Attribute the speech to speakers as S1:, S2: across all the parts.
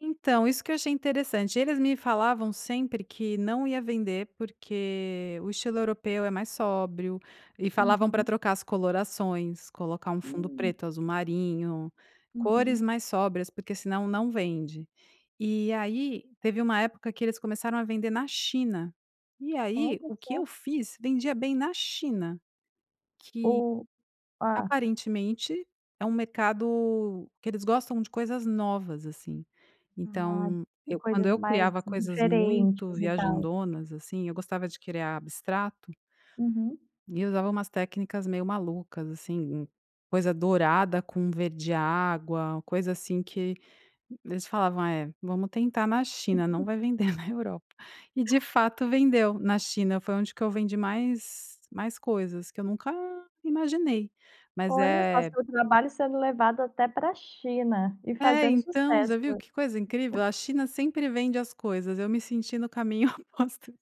S1: Então, isso que eu achei interessante, eles me falavam sempre que não ia vender, porque o estilo europeu é mais sóbrio e falavam pra
S2: Uhum.
S1: trocar as colorações, colocar um fundo
S2: Hum.
S1: preto, azul marinho, cores
S2: Uhum.
S1: mais sóbrias porque senão não vende, e aí teve um época que eles começaram a vender na China. E aí,
S2: Olha
S1: o que
S2: só.
S1: eu fiz vendia bem na China. Que,
S2: Ou Ah.
S1: aparentemente, é um mercado que eles gostam de coisas novas, assim.
S2: Ah,
S1: Então,
S2: é
S1: eu, quando
S2: coisas
S1: eu
S2: mais
S1: criava coisas muito
S2: diferentes e tal.
S1: viajandonas, assim, eu gostava de criar abstrato
S2: Uhum.
S1: e usava umas técnicas meio malucas, assim, hum, coisa dourada com verde água, coisa assim que eles falavam: "É, vamos tentar na China, não vai vender na Europa." E, de fato, vendeu na China. Foi onde que eu vendi mais mais coisas que eu nunca imaginei, mas
S2: Olha só!
S1: é
S2: Seu trabalho sendo levado até pra China e
S1: É,
S2: fazendo
S1: então,
S2: sucesso.
S1: você viu que coisa incrível? A China sempre vende as coisas. Eu me senti no caminho oposto do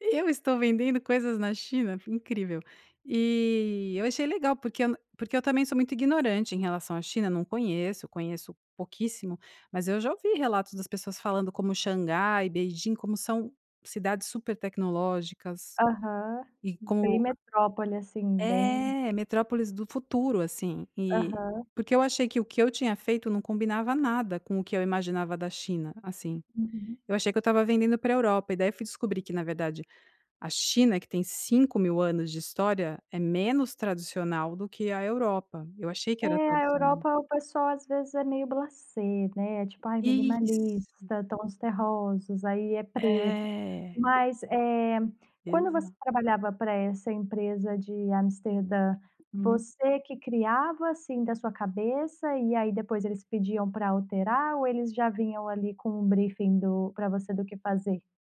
S1: "Eu estou vendendo coisas na China? Incrível." E eu achei legal porque eu n porque eu também sou muito ignorante em relação à China, não conheço, eu conheço pouquíssimo, mas eu já ouvi relatos das pessoas falando como Xangai e Beijing, como são cidades super tecnológicas
S2: Aham,
S1: e
S2: bem
S1: como a
S2: metrópole, assim, bem
S1: É, metrópoles do futuro, assim, e
S2: Aham.
S1: Porque eu achei que o que eu tinha feito não combinava nada com o que eu imaginava da China, assim.
S2: Uhum.
S1: Eu achei que eu estava vendendo para a Europa, e daí fui descobrir que, na verdade, a China, que tem 5.000 anos de história, é menos tradicional do que a Europa. Eu achei que era
S2: É, a
S1: tradicional.
S2: Europa, o pessoal às vezes é meio blasé, né, é tipo: "Ai,
S1: Isso.
S2: minimalista, tons terrosos, aí é preto."
S1: Eh.
S2: Mas, eh, quando você
S1: Exato.
S2: trabalhava para essa empresa de Amsterdã,
S1: Uhum.
S2: você que criava, assim, da sua cabeça e aí depois eles pediam para alterar, ou eles já vinham ali com um briefing do para você do que fazer?